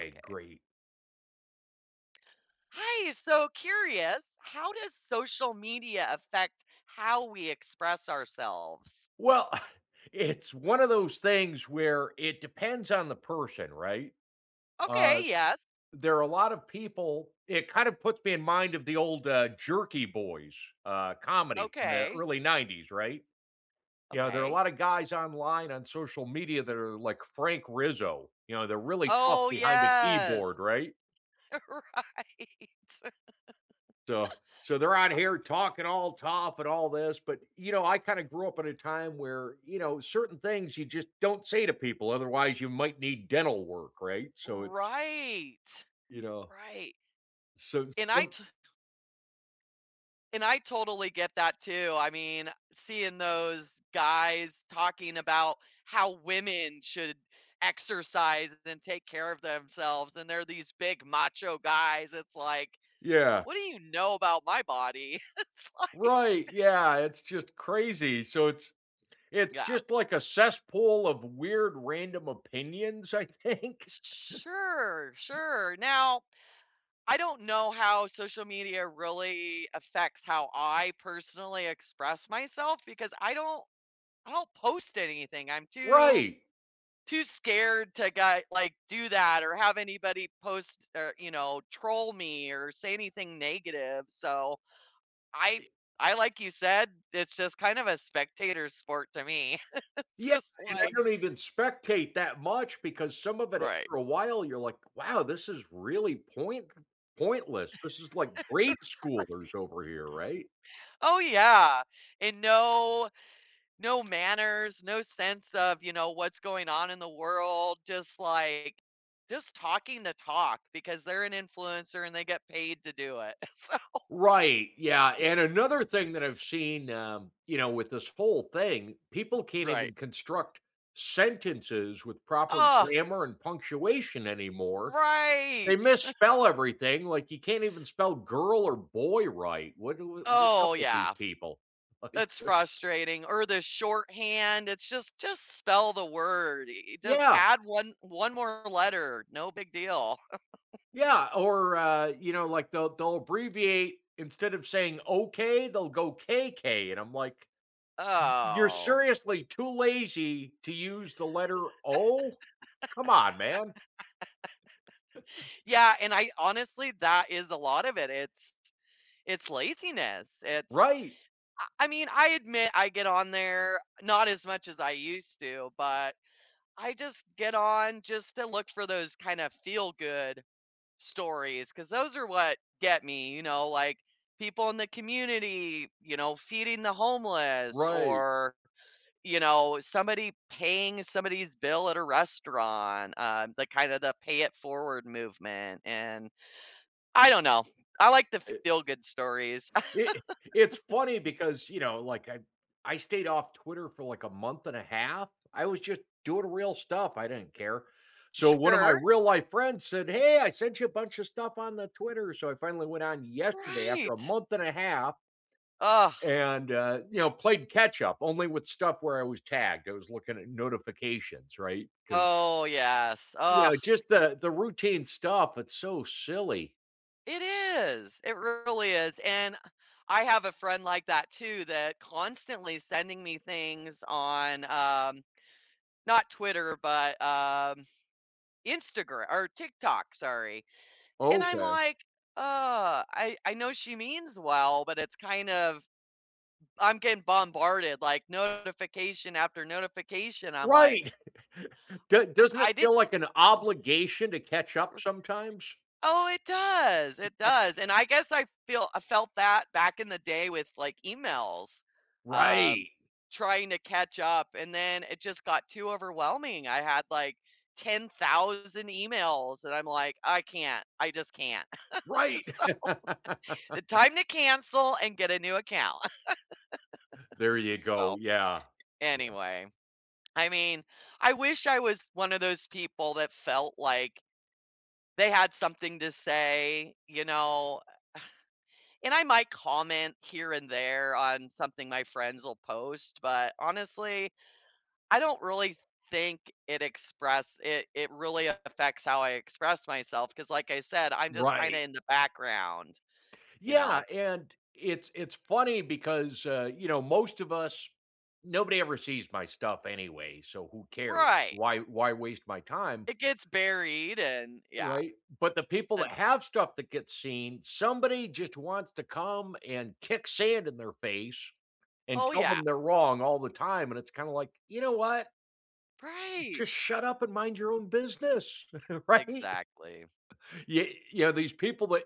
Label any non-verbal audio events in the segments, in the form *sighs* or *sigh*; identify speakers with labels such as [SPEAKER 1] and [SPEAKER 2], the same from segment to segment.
[SPEAKER 1] ay,
[SPEAKER 2] Okay.
[SPEAKER 1] great.
[SPEAKER 2] Hi! So, curious, how does social media affect how we express ourselves?
[SPEAKER 1] Well *chuckles* it's one of those things where it depends on the person, right?
[SPEAKER 2] Okay,
[SPEAKER 1] Uh,
[SPEAKER 2] yes.
[SPEAKER 1] there a lotta people it kind of puts me in mind of the old, uh, Jerky Boys, uh, comedy from the
[SPEAKER 2] Okay.
[SPEAKER 1] early '90s, right? You know, there are a
[SPEAKER 2] Okay.
[SPEAKER 1] lot of guys online on social media that are like Frank Rizzo, you know, they're really tough
[SPEAKER 2] Oh,
[SPEAKER 1] behind the keyboard,
[SPEAKER 2] yes.
[SPEAKER 1] right?
[SPEAKER 2] Right.
[SPEAKER 1] So so they're out
[SPEAKER 2] *laughs* I
[SPEAKER 1] here talking all tough and all this, but, you know, I kinda grew up at a time where, you know, certain things you just don't say to people, otherwise, you might need dental work, right? So it's
[SPEAKER 2] Right.
[SPEAKER 1] you know.
[SPEAKER 2] Right.
[SPEAKER 1] So
[SPEAKER 2] And I
[SPEAKER 1] some
[SPEAKER 2] to and I totally get that too, I mean, seeing those guys talking about how women should exercise then take care of themselves and they're these big, macho guys, it's, like,
[SPEAKER 1] Yeah.
[SPEAKER 2] "What do you know about my body?" It's like
[SPEAKER 1] Right, yeah, it's just
[SPEAKER 2] *laughs*
[SPEAKER 1] crazy, so it's it's
[SPEAKER 2] Yeah.
[SPEAKER 1] just like a cesspool of weird, random opinions, I think?
[SPEAKER 2] S sure, sure, now, I don't know how social media really affects how I personally express myself, because I don't I don't post anything, I'm too
[SPEAKER 1] Right.
[SPEAKER 2] too scared to get like, do that or have anybody post er, you know, troll me or say anything negative, so, I
[SPEAKER 1] I
[SPEAKER 2] I like you said, it's just kind of a spectator sport to me. *chuckles* It's
[SPEAKER 1] Yeah,
[SPEAKER 2] just
[SPEAKER 1] and I
[SPEAKER 2] like
[SPEAKER 1] don't even spectate that much because some of it,
[SPEAKER 2] Right.
[SPEAKER 1] after a while, you're like, "Wow, this is really point
[SPEAKER 2] *laughs* Right.
[SPEAKER 1] pointless, this is, like, grade-schoolers over here," right?
[SPEAKER 2] *laughs* Oh yeah, and no no manners, no sense of, you know, what's going on in the world, just, like just talking the talk because they're an influencer and they get paid to do it, so
[SPEAKER 1] Right, yeah, and
[SPEAKER 2] *laughs*
[SPEAKER 1] another thing that I've seen, um, you know, with this whole thing, people can't
[SPEAKER 2] Right.
[SPEAKER 1] even construct sentences with proper
[SPEAKER 2] Ugh!
[SPEAKER 1] grammar and punctuation anymore. They
[SPEAKER 2] Right.
[SPEAKER 1] misspell
[SPEAKER 2] *chuckles*
[SPEAKER 1] everything, like, you can't even spell "girl" or "boy" right, what do wha what's up
[SPEAKER 2] Oh,
[SPEAKER 1] with
[SPEAKER 2] yeah
[SPEAKER 1] these
[SPEAKER 2] f
[SPEAKER 1] people? Like
[SPEAKER 2] it's
[SPEAKER 1] *chuckles*
[SPEAKER 2] frustrating, or the shorthand, it's just just spell the word i i just
[SPEAKER 1] Yeah.
[SPEAKER 2] add 1 1 more letter, no big deal. *laughs*
[SPEAKER 1] Yeah, or, uh, you know, like, the they'll abbreviate instead of saying "Okay", they'll go "K-K", and I'm like, "Y you're
[SPEAKER 2] Oh.
[SPEAKER 1] seriously too lazy to use the letter
[SPEAKER 2] *laughs*
[SPEAKER 1] O? Come on, man." *chuckles*
[SPEAKER 2] Yeah, and I honestly, that is a lot of it, it's it's laziness, it's
[SPEAKER 1] Right.
[SPEAKER 2] I I mean, I admit I get on there- not as much as I used to, but, I just get on just to look for those, kind of feel-good stories, 'cause those are what get me, you know? Like, people in the community, you know, feeding the homeless
[SPEAKER 1] Right.
[SPEAKER 2] or, you know, somebody paying somebody's bill at a restaurant, uh, the kind of the pay-it-forward movement, and, I don't know, I like the
[SPEAKER 1] It
[SPEAKER 2] feel-good stories.
[SPEAKER 1] it it's funny
[SPEAKER 2] *laughs*
[SPEAKER 1] because, you know, like, I I stayed off Twitter for, like, a month and a half- I was just doing real stuff, I didn't care- so, one of my
[SPEAKER 2] Sure.
[SPEAKER 1] real-life friends said, "Hey, I sent you a bunch of stuff on the Twitter," so, I finally went on yesterday after a
[SPEAKER 2] Right.
[SPEAKER 1] month and a half
[SPEAKER 2] Ugh.
[SPEAKER 1] and, uh, you know, played catch-up only with stuff where I was tagged, I was looking at notifications, right? 'Cause
[SPEAKER 2] Oh, yes,
[SPEAKER 1] you
[SPEAKER 2] ugh.
[SPEAKER 1] know, just the the routine stuff, it's so silly.
[SPEAKER 2] It is, it really is, and I have a friend like that too that constantly sending me things on, um, not Twitter, but, um, Instagr or TikTok, sorry, and I'm
[SPEAKER 1] Okay.
[SPEAKER 2] like, "Uh," I I know she means well, but it's kind of I'm getting bombarded, like, notification after notification, I'm like
[SPEAKER 1] Right. *chuckles* D
[SPEAKER 2] I
[SPEAKER 1] doesn't it
[SPEAKER 2] I didn't
[SPEAKER 1] feel like an
[SPEAKER 2] *chuckles*
[SPEAKER 1] obligation to catch up
[SPEAKER 2] R
[SPEAKER 1] sometimes?
[SPEAKER 2] Oh, it does, it
[SPEAKER 1] Yeah.
[SPEAKER 2] does, and I guess I feel I felt that back in the day with, like, emails, um,
[SPEAKER 1] Right.
[SPEAKER 2] trying to catch up and then it just got too overwhelming. I had like 10,000 emails that I'm like, "I can't, I just can't," *laughs*
[SPEAKER 1] Right.
[SPEAKER 2] so the
[SPEAKER 1] *laughs*
[SPEAKER 2] time to cancel and get a new account,
[SPEAKER 1] There you
[SPEAKER 2] *laughs*
[SPEAKER 1] go,
[SPEAKER 2] so
[SPEAKER 1] yeah, yeah.
[SPEAKER 2] anyway. I mean, I wish I was one of those people that felt like they had something to say, you know? *sighs* And I might comment here and there on something my friends'll post, but honestly, I don't really think it express it it really affects how I express myself, 'cause like I said, I'm just
[SPEAKER 1] Right.
[SPEAKER 2] kinda in the background, you
[SPEAKER 1] Yeah,
[SPEAKER 2] know?
[SPEAKER 1] and it's it's funny because, uh, you know, most of us nobody ever sees my stuff anyway, so who cares,
[SPEAKER 2] Right.
[SPEAKER 1] why why waste my time?
[SPEAKER 2] It gets buried and yeah.
[SPEAKER 1] Right, but the people
[SPEAKER 2] And
[SPEAKER 1] that have stuff that gets seen, somebody just wants to come and kick sand in their face and
[SPEAKER 2] Oh,
[SPEAKER 1] tell
[SPEAKER 2] yeah.
[SPEAKER 1] them they're wrong all the time, and it's kinda like, "You know what?" "Just
[SPEAKER 2] Right.
[SPEAKER 1] shut up and mind your own business," right?
[SPEAKER 2] Exactly.
[SPEAKER 1] Ye yeah, these people that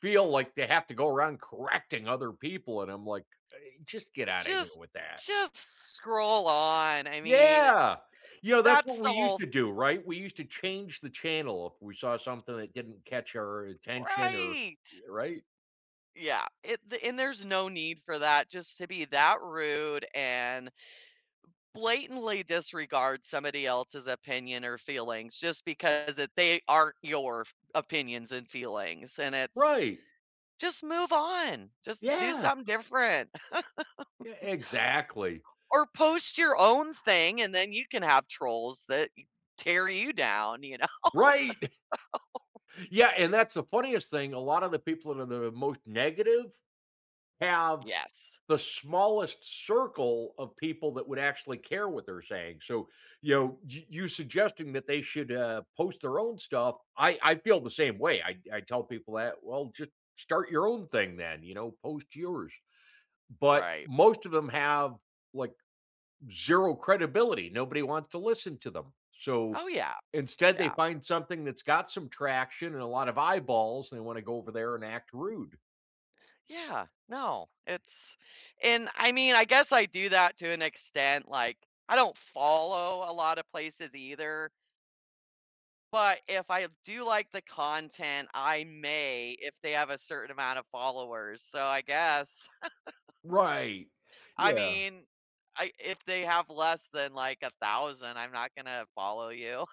[SPEAKER 1] feel like they have to go around correcting other people, and I'm like, I "Just get out of here
[SPEAKER 2] "Just
[SPEAKER 1] with that."
[SPEAKER 2] just scroll on," I mean, i i
[SPEAKER 1] Yeah! You know, that's what
[SPEAKER 2] that's the
[SPEAKER 1] we used
[SPEAKER 2] whole
[SPEAKER 1] to
[SPEAKER 2] th
[SPEAKER 1] do, right? We used to
[SPEAKER 2] R
[SPEAKER 1] change the channel if we saw something that didn't catch our attention or
[SPEAKER 2] Right.
[SPEAKER 1] Y right?
[SPEAKER 2] Yeah, it the and there's no need for that just to be that rude and blatantly disregard somebody else's opinion or feelings, just because it they aren't your f opinions and feelings, and it's
[SPEAKER 1] Right.
[SPEAKER 2] just move on, just do
[SPEAKER 1] Yeah.
[SPEAKER 2] something different.
[SPEAKER 1] Yeah,
[SPEAKER 2] *laughs*
[SPEAKER 1] exactly.
[SPEAKER 2] Or, "Post your own thing, and then you can have trolls that y tear you down," you know?
[SPEAKER 1] Right! *chuckles*
[SPEAKER 2] *laughs*
[SPEAKER 1] Yeah, and that's the funniest thing, a lot of the people that are the most negative, have
[SPEAKER 2] Yes.
[SPEAKER 1] the smallest circle of people that would actually care what they're saying, so, you know, y you suggesting that they should, uh, post their own stuff- I I feel the same way, I I tell people that, "Well, ju start your own thing then," you know, "post yours"- but
[SPEAKER 2] Right.
[SPEAKER 1] most of 'em have, like, zero credibility, nobody wants to listen to them, so
[SPEAKER 2] Oh, yeah.
[SPEAKER 1] instead they
[SPEAKER 2] Yeah.
[SPEAKER 1] find something that's got some traction and a lot of eyeballs, and they wanna go over there and act rude.
[SPEAKER 2] Yeah. No, it's and I mean I guess I do that to an extent, like, I don't follow a lot of places either but if I do like the content I may, if they have a certain amount of followers, so I guess
[SPEAKER 1] Right.
[SPEAKER 2] *laughs* I
[SPEAKER 1] Yeah.
[SPEAKER 2] mean, i if they have less than, like, 1000, I'm not gonna follow you.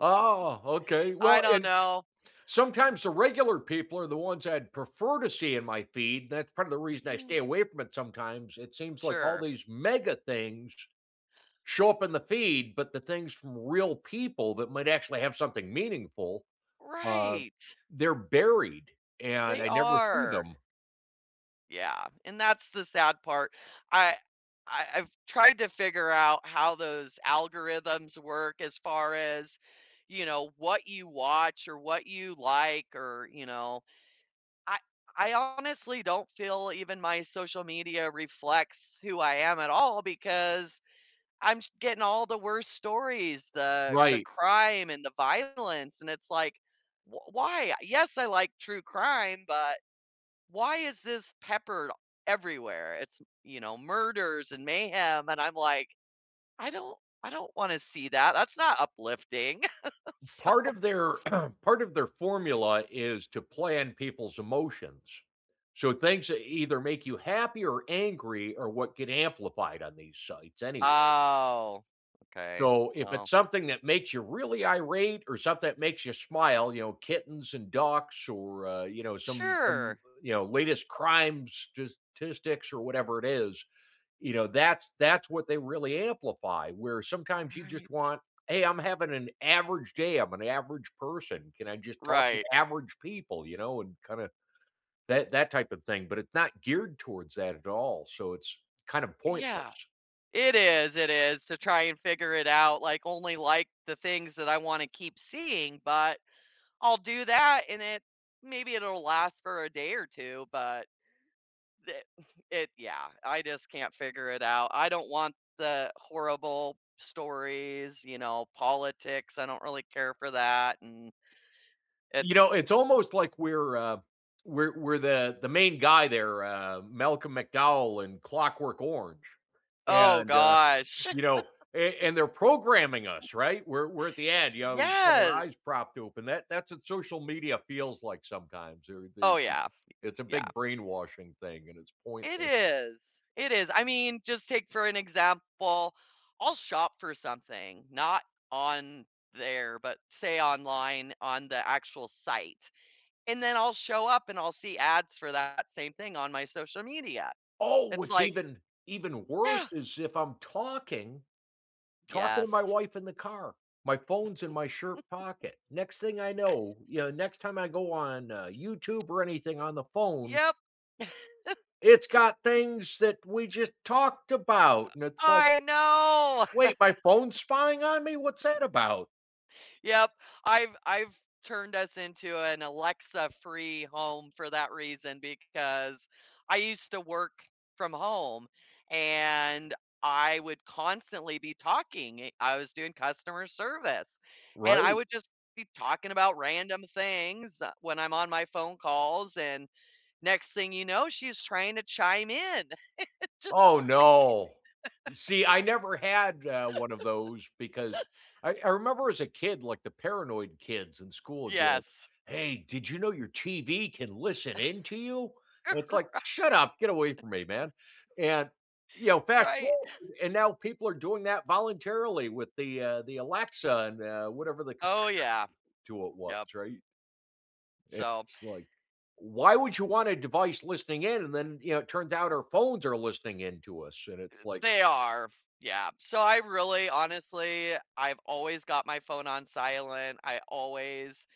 [SPEAKER 1] Oh, okay,
[SPEAKER 2] I
[SPEAKER 1] well
[SPEAKER 2] don't
[SPEAKER 1] and
[SPEAKER 2] know.
[SPEAKER 1] sometimes the regular people are the ones I'd prefer to see in my feed- that's part of the reason I stay
[SPEAKER 2] Mm.
[SPEAKER 1] away from it sometimes- it seems like all
[SPEAKER 2] Sure.
[SPEAKER 1] these mega things show up in the feed, but the things from real people that might actually have something meaningful, uh,
[SPEAKER 2] Right.
[SPEAKER 1] they're buried, and
[SPEAKER 2] They
[SPEAKER 1] I never see
[SPEAKER 2] are.
[SPEAKER 1] them.
[SPEAKER 2] Yeah, and that's the sad part. I I I've tried to figure out how those algorithms work as far as, you know, what you watch, or what you like, or you know I I honestly don't feel even my social media reflects who I am at all because I'm j getting all the worst stories, the the
[SPEAKER 1] Right.
[SPEAKER 2] crime and the violence, and it's like, "W why? Yes, I like true crime, but why is this peppered everywhere?" it's, you know, murders and mayhem, and I'm like, "I don't I don't wanna see that, that's not uplifting." *laughs* So
[SPEAKER 1] Part of their
[SPEAKER 2] *sniffs*
[SPEAKER 1] *clears throat* part of their formula is to plan people's emotions. So things that either make you happy or angry are what get amplified on these sites anyway.
[SPEAKER 2] Oh, okay.
[SPEAKER 1] So if it's
[SPEAKER 2] Well
[SPEAKER 1] something that makes you really irate or something that makes you smile, you know, kittens and ducks or, uh, you know, some some,
[SPEAKER 2] Sure.
[SPEAKER 1] you know, latest crimes, statistics, or whatever it is, you know, that's that's what they really amplify, where sometimes you just
[SPEAKER 2] Right.
[SPEAKER 1] want, "Hey, I'm having an average day, I'm an average person, can I just talk with
[SPEAKER 2] Right.
[SPEAKER 1] average people," you know, and kinda that that type of thing, but it's not geared towards that at all, so it's kind of
[SPEAKER 2] Yeah.
[SPEAKER 1] pointless.
[SPEAKER 2] It is, it is to try and figure it out, like, only like the things that I wanna keep seeing, but I'll do that, and it maybe it'll last for a day or 2, but it it yeah, I just can't figure it out. I don't want the horrible stories, you know, politics, I don't really care for that, and,
[SPEAKER 1] You know,
[SPEAKER 2] it's
[SPEAKER 1] it's almost like we're, uh, we're we're the the main guy there, uh, Malcolm McDowell in Clockwork Orange,
[SPEAKER 2] Oh
[SPEAKER 1] and, uh,
[SPEAKER 2] gosh.
[SPEAKER 1] you know, an and they're programming
[SPEAKER 2] *laughs*
[SPEAKER 1] us, right, we're we're at the end, you know, we've got our
[SPEAKER 2] Yes.
[SPEAKER 1] eyes propped open, that that's what social media feels like sometimes, they're they're
[SPEAKER 2] Oh,
[SPEAKER 1] the
[SPEAKER 2] yeah.
[SPEAKER 1] it's a
[SPEAKER 2] Yeah.
[SPEAKER 1] big brainwashing thing, and it's
[SPEAKER 2] It
[SPEAKER 1] pointless.
[SPEAKER 2] is, it is I mean, just take for an example, I'll shop for something not on there, but say online on the actual site, and then I'll show up and I'll see ads for that same thing on my social media.
[SPEAKER 1] Oh,
[SPEAKER 2] It's
[SPEAKER 1] what's
[SPEAKER 2] like
[SPEAKER 1] even even worse
[SPEAKER 2] Yeah!
[SPEAKER 1] is if I'm talking talking to my
[SPEAKER 2] Yes.
[SPEAKER 1] wife in the car, my phone's in my shirt
[SPEAKER 2] *chuckles*
[SPEAKER 1] pocket, next thing I
[SPEAKER 2] *snorts*
[SPEAKER 1] know you know, next time I go on, uh, YouTube or anything on the phone
[SPEAKER 2] Yep. *laughs*
[SPEAKER 1] it's got things that we just talked about, and it's like,
[SPEAKER 2] I know. *laughs*
[SPEAKER 1] "Wait, my phone's spying on me, what's that about?"
[SPEAKER 2] *chuckles* Yep, I've I've turned us into an Alexa-free home for that reason, because I used to work from home and I would constantly be talking, i I was doing customer service and I
[SPEAKER 1] Right.
[SPEAKER 2] would just keep talking about random things when I'm on my phone calls and next thing you know, she's trying to chime in. *laughs* Just
[SPEAKER 1] Oh
[SPEAKER 2] like
[SPEAKER 1] no! See, I never had, uh, one of those because
[SPEAKER 2] *laughs*
[SPEAKER 1] I I remember as a kid, like, the paranoid kids in school would be like,
[SPEAKER 2] Yes.
[SPEAKER 1] "Hey, did you know your TV can listen in to you?" It's
[SPEAKER 2] *chuckles*
[SPEAKER 1] like,
[SPEAKER 2] Right.
[SPEAKER 1] "Shut up, get away from me, man," and, you know, fast
[SPEAKER 2] Right.
[SPEAKER 1] forward
[SPEAKER 2] *chuckles*
[SPEAKER 1] and now people are doing that voluntarily with the, uh the Alexa and, uh, whatever the computer
[SPEAKER 2] Oh, yeah.
[SPEAKER 1] *unintelligible* to it was,
[SPEAKER 2] Yep.
[SPEAKER 1] right?
[SPEAKER 2] So
[SPEAKER 1] It's like, why would you want a device listening in? And then, you know, it turns out our phones are listening in to us, and
[SPEAKER 2] Eh,
[SPEAKER 1] it's like
[SPEAKER 2] they are f yeah so I really honestly I've always got my phone on silent, I always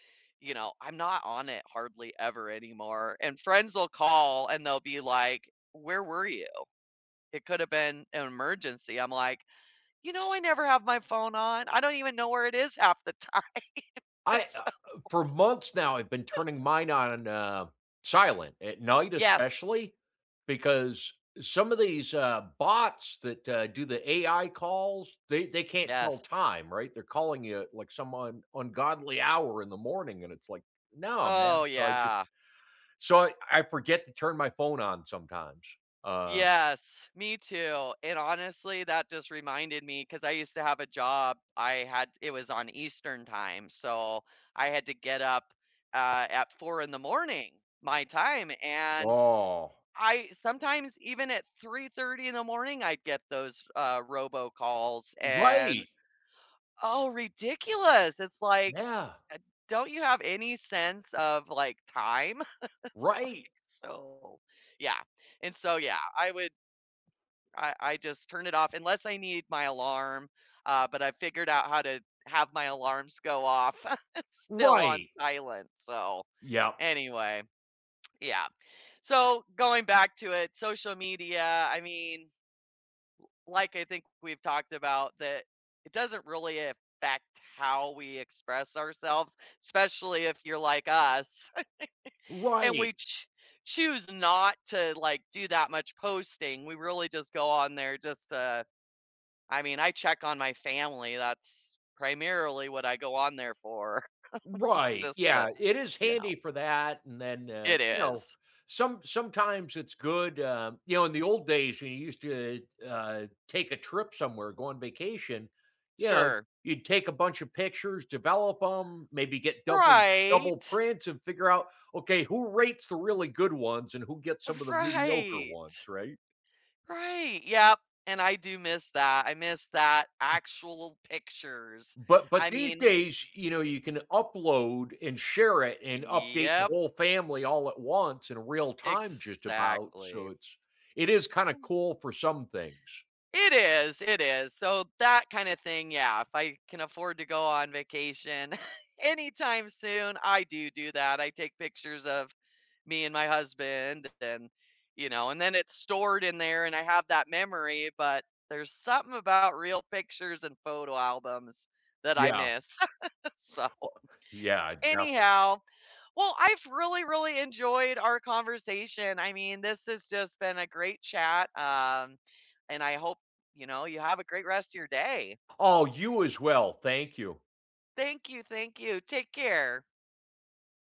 [SPEAKER 2] you know, I'm not on it hardly ever anymore and friends will call and they'll be like, "Where were you? It could have been an emergency," I'm like, "You know, I never have my phone on I don't even know where it is half the time,
[SPEAKER 1] I, uh
[SPEAKER 2] so"
[SPEAKER 1] uh, for months now, I've been turning
[SPEAKER 2] *laughs*
[SPEAKER 1] mine on, uh, silent, at night
[SPEAKER 2] Yes.
[SPEAKER 1] especially, because, some of these, uh, bots that, uh, do the AI calls, they they can't tell
[SPEAKER 2] Yes.
[SPEAKER 1] time, right? They're calling you at, like, some un ungodly hour in the morning, and it's like, "No, man."
[SPEAKER 2] Oh,
[SPEAKER 1] So, I just
[SPEAKER 2] yeah.
[SPEAKER 1] so, I I forget to turn my phone on sometimes, uh
[SPEAKER 2] Yes, me too and honestly, that just reminded me- 'cause I used to have a job, I had it was on Eastern Time- so I had to get up at at 4 in the morning my time, and
[SPEAKER 1] Oh.
[SPEAKER 2] I sometimes even at 3:30 AM in the morning, I'd get those, uh, robocalls and,
[SPEAKER 1] Right!
[SPEAKER 2] oh, ridiculous, it's like,
[SPEAKER 1] Yeah.
[SPEAKER 2] uh, "Don't you have any sense of, like, time?" *chuckles* It's like
[SPEAKER 1] Right.
[SPEAKER 2] so, yeah and so, yeah, I would I I just turn it off, unless I need my alarm, uh, but I figured out how to have my alarms go off *chuckles* still on
[SPEAKER 1] Right.
[SPEAKER 2] silent. So,
[SPEAKER 1] Yep.
[SPEAKER 2] anyway yeah, so, going back to it, social media, I mean, l like I think we've talked about that it doesn't really affect how we express ourselves, especially if you're like us *chuckles* and
[SPEAKER 1] Right.
[SPEAKER 2] we ch choose not to, like, do that much posting, we really just go on there just, uh I mean, I check on my family that's primarily what I go on there for. *chuckles* It's
[SPEAKER 1] Right,
[SPEAKER 2] just the
[SPEAKER 1] yeah, it is
[SPEAKER 2] you know?
[SPEAKER 1] handy for that and then, uh,
[SPEAKER 2] It
[SPEAKER 1] you know,
[SPEAKER 2] is.
[SPEAKER 1] some sometimes it's good, um you know, in the old days, when you used to, uh uh, take a trip somewhere, go on vacation, you know,
[SPEAKER 2] Sure.
[SPEAKER 1] you'd take a bunch of pictures, develop 'em, maybe get double double
[SPEAKER 2] Right.
[SPEAKER 1] prints, and figure out, "Okay who rates the really good ones and who gets some of the mediocre
[SPEAKER 2] Right.
[SPEAKER 1] ones?" right?
[SPEAKER 2] Right, yep, and I do miss that. I miss that,
[SPEAKER 1] B
[SPEAKER 2] actual pictures,
[SPEAKER 1] But but
[SPEAKER 2] I
[SPEAKER 1] these
[SPEAKER 2] mean
[SPEAKER 1] days, you know, you can upload and share it and update the
[SPEAKER 2] Yep.
[SPEAKER 1] whole family all at once in real time just about. So,
[SPEAKER 2] Exactly.
[SPEAKER 1] it's it is kinda cool for some things.
[SPEAKER 2] It is it is so, that kinda thing, yeah, if I can afford to go on vacation *chuckles* anytime soon I do do that, I take pictures of, me and my husband, and then, you know, and then it's stored in there and I have that memory but there's something about real pictures and photo albums that I
[SPEAKER 1] Yeah.
[SPEAKER 2] miss. *laughs* So,
[SPEAKER 1] *chuckles* Yeah, I defin
[SPEAKER 2] anyhow, well I've really, really enjoyed our conversation, I mean this has just been a great chat, um, and I hope, you know, you have a great rest of your day.
[SPEAKER 1] Oh, you as well. Thank you.
[SPEAKER 2] Thank you, thank you, take care.